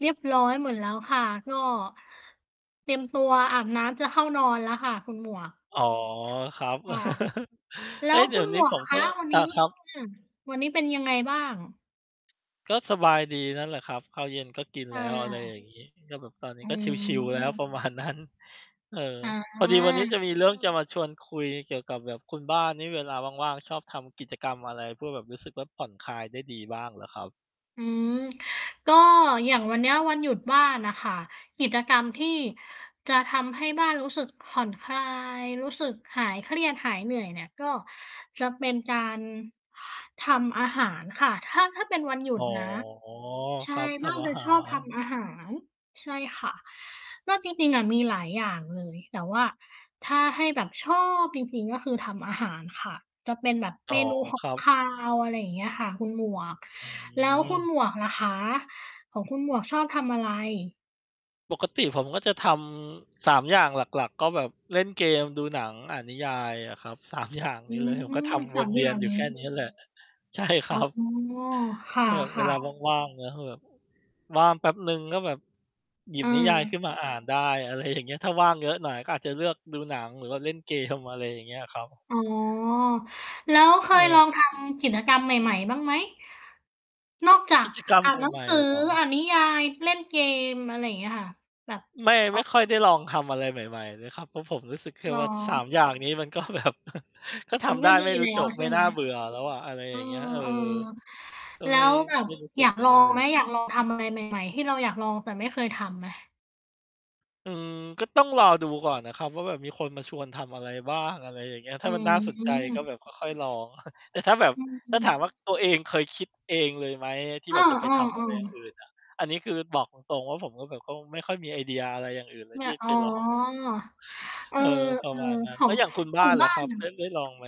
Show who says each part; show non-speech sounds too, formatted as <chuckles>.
Speaker 1: เรียบร้อยหมดแล้วค่ะ ก็ เตรียมตัวอาบน้ำจะเข้านอนแล้วค่ะ คุณหมวก
Speaker 2: อ๋อ ครับ
Speaker 1: ค่ะ
Speaker 2: <chuckles>
Speaker 1: แล้
Speaker 2: เฮ้
Speaker 1: ว
Speaker 2: ย! เด
Speaker 1: ค
Speaker 2: ี๋
Speaker 1: ุ
Speaker 2: ย
Speaker 1: ณ
Speaker 2: วน
Speaker 1: หม
Speaker 2: ี้
Speaker 1: วก
Speaker 2: ผ
Speaker 1: อ
Speaker 2: ม
Speaker 1: ะค
Speaker 2: ก็
Speaker 1: ะ วัน
Speaker 2: อ
Speaker 1: นี
Speaker 2: า
Speaker 1: ้
Speaker 2: ครับ
Speaker 1: อืม วันนี้เป็นยังไงบ้าง?
Speaker 2: ก็สบายดีนั่นแหละครับ ข้าวเย็นก็กิน
Speaker 1: อ
Speaker 2: แล้ว อะไรอ
Speaker 1: า
Speaker 2: ย่างงี้ ก็แบบตอนนี
Speaker 1: อ
Speaker 2: ้
Speaker 1: ื
Speaker 2: ก็ชิล ๆ แล้ว ประ มาณ
Speaker 1: ม
Speaker 2: นั้น เออ
Speaker 1: อ๋
Speaker 2: พอดีวันนี้จ
Speaker 1: อ
Speaker 2: ะ มีเรื่องจะมาชวนคุยเกี่ยวกับแบบคุณบ้านนี่เวลาว่าง ๆ ชอบทำกิจกรรมอะไร พวกแบบรู้สึกว่าผ่อนคลายได้ดีบ้างเหรอครับ?
Speaker 1: อืม ก็ อย่างวันเนี้ยวันหยุดบ้านน่ะค่ะ กิจกรรมที่ จะทำให้บ้านรู้สึกผ่อนคลาย รู้สึกหายเครียด หายเหนื่อยเนี่ย ก็ จะเป็นการ ทำอาหารค่ะ ถ้า ถ้าเป็นวันหยุ
Speaker 2: อ๋
Speaker 1: ด
Speaker 2: อ
Speaker 1: นะ ใช
Speaker 2: ค
Speaker 1: ่
Speaker 2: รับ ท
Speaker 1: บ้าน
Speaker 2: ำอา
Speaker 1: จะ
Speaker 2: หา
Speaker 1: ชอบท
Speaker 2: ร
Speaker 1: ำอาหาร ใช่ค่ะ ก็จริง ๆ อะ มีหลายอย่างเลย แต่ว่า ถ้าให้แบบชอบจริง ๆ ก็คือทำอาหารค่ะ จะเป็นแบบ
Speaker 2: อ๋
Speaker 1: เ
Speaker 2: อ
Speaker 1: มนูห
Speaker 2: ค
Speaker 1: ก
Speaker 2: รั
Speaker 1: ค
Speaker 2: บ
Speaker 1: าว อะไรอย่างเงี้ยค่ะ คุณหมวก
Speaker 2: อื
Speaker 1: แล้วคุณ
Speaker 2: ม
Speaker 1: หมวกล่ะคะ ของคุณหมวกชอบทำอะไร?
Speaker 2: ปกติผมก็จะทำ 3 อย่างหลัก ๆ ก็แบบเล่นเกม ดูหนัง อ่านนิยายอะครับ 3 อย่าง
Speaker 1: อื
Speaker 2: นี่เลย ผมก็ท
Speaker 1: ม
Speaker 2: ำ
Speaker 1: ส
Speaker 2: ว
Speaker 1: า
Speaker 2: น
Speaker 1: ม
Speaker 2: เว
Speaker 1: อย
Speaker 2: ี
Speaker 1: ่
Speaker 2: ย
Speaker 1: า
Speaker 2: น
Speaker 1: ง
Speaker 2: อยู
Speaker 1: น
Speaker 2: ่
Speaker 1: ี้
Speaker 2: แค่เนี้ยแหละ ใช่ค
Speaker 1: อ
Speaker 2: ร
Speaker 1: ๋
Speaker 2: ั
Speaker 1: อ
Speaker 2: บ
Speaker 1: ค
Speaker 2: ก็แบบเว
Speaker 1: ่ะ
Speaker 2: ลา
Speaker 1: ๆ
Speaker 2: ว่าง ๆ นะ คือแบบ ว่างแป๊บหนึ่งก็แบบ หยิบนิยายข
Speaker 1: เออ
Speaker 2: ึ้นมาอ่านได้ อะไรอย่าง เงี้ย ถ้าว่างเยอะหน่อย ก็อาจจะเลือกดูหนังหรือว่าเล่น เกม อะไรอย่างเงี้ยครับ
Speaker 1: อ๋อ แล้วเค
Speaker 2: เ
Speaker 1: ยลอ
Speaker 2: ออ
Speaker 1: ง ทำ กิจกรรมใหม่ ๆ บ้างไหม? นอกจา
Speaker 2: ก
Speaker 1: ก
Speaker 2: ิจกรรม
Speaker 1: อ่านหนั
Speaker 2: ใ
Speaker 1: ง
Speaker 2: หม่
Speaker 1: สือ
Speaker 2: ๆ เหรอ?
Speaker 1: อ่านนิยาย เล่นเกม อะไรเงี้ยค่ะ แบบ
Speaker 2: ไม่
Speaker 1: อ
Speaker 2: ไม
Speaker 1: อ
Speaker 2: ่
Speaker 1: ก ก
Speaker 2: ค่อ
Speaker 1: ำ
Speaker 2: ย
Speaker 1: ลั
Speaker 2: ไ
Speaker 1: ง
Speaker 2: ด้ลองทำอะไรใหม่ ๆ เลยครับ เพราะผมรู้สึกแค่
Speaker 1: เหร
Speaker 2: ว่า 3
Speaker 1: อ?
Speaker 2: อย่างนี้ มัน ก็แบบ <chuckles> ก็ท
Speaker 1: มัน
Speaker 2: ำได
Speaker 1: ก็
Speaker 2: ้
Speaker 1: ดี
Speaker 2: ไม่รู
Speaker 1: แ
Speaker 2: ้
Speaker 1: ล้
Speaker 2: จ
Speaker 1: ว
Speaker 2: บ
Speaker 1: ใช
Speaker 2: ไม
Speaker 1: ่
Speaker 2: ่
Speaker 1: ไ
Speaker 2: น
Speaker 1: ห
Speaker 2: ่
Speaker 1: ม?
Speaker 2: าเบื่อแล้วอะ อะไร
Speaker 1: เอ
Speaker 2: อย
Speaker 1: อ
Speaker 2: ่างเงี้ย เออ ก็
Speaker 1: ๆ แล้
Speaker 2: ไม่
Speaker 1: วแบบ
Speaker 2: ไม่รู้ส
Speaker 1: อ
Speaker 2: ึ
Speaker 1: ย
Speaker 2: ก
Speaker 1: าก
Speaker 2: อย่
Speaker 1: ล
Speaker 2: าง
Speaker 1: อ
Speaker 2: งั้น
Speaker 1: ง
Speaker 2: เล
Speaker 1: ไหม?
Speaker 2: ย
Speaker 1: อยากลองทำอะไรใหม่ ๆ ที่เราอยากลองแต่ไม่เคยทำไหม?
Speaker 2: อืม ก็ต้องรอดูก่อนน่ะครับว่าแบบมีคนมาชวนทำอะไรบ้าง อะไรอย่างเงี้ย ถ้
Speaker 1: อื
Speaker 2: ามันน่าสนใจก็แบบก
Speaker 1: ม
Speaker 2: ็ค่อยลอง <chuckles> แต่ถ้าแบบ
Speaker 1: อื
Speaker 2: ถ้าถา
Speaker 1: ม
Speaker 2: มว่าตัวเองเคยคิดเองเลยไหม อ ที่
Speaker 1: เอ
Speaker 2: แบบจะไป
Speaker 1: อ
Speaker 2: ทำอะไรอย่าง
Speaker 1: ๆ ๆ
Speaker 2: อื่นน่ะ อันนี้คือบอกตรง ๆ ว่า ผมก็แบบคงไม่ค่อยมีไอเดียอะไรอย่างอื่นเลย
Speaker 1: เนี่
Speaker 2: ที่
Speaker 1: ย อ๋
Speaker 2: ไป
Speaker 1: อ
Speaker 2: ลอง
Speaker 1: เอ
Speaker 2: เ
Speaker 1: อ
Speaker 2: ออ ประมาณนั้
Speaker 1: ๆ ข
Speaker 2: น
Speaker 1: อ
Speaker 2: แล้
Speaker 1: ง
Speaker 2: วอย่างคุณ
Speaker 1: ข
Speaker 2: บ้
Speaker 1: อ
Speaker 2: า
Speaker 1: ง
Speaker 2: น
Speaker 1: บ
Speaker 2: ล่
Speaker 1: ้
Speaker 2: ะ
Speaker 1: า
Speaker 2: คร
Speaker 1: น
Speaker 2: ับ
Speaker 1: น่ะ
Speaker 2: ได้ ได้ลองไหม?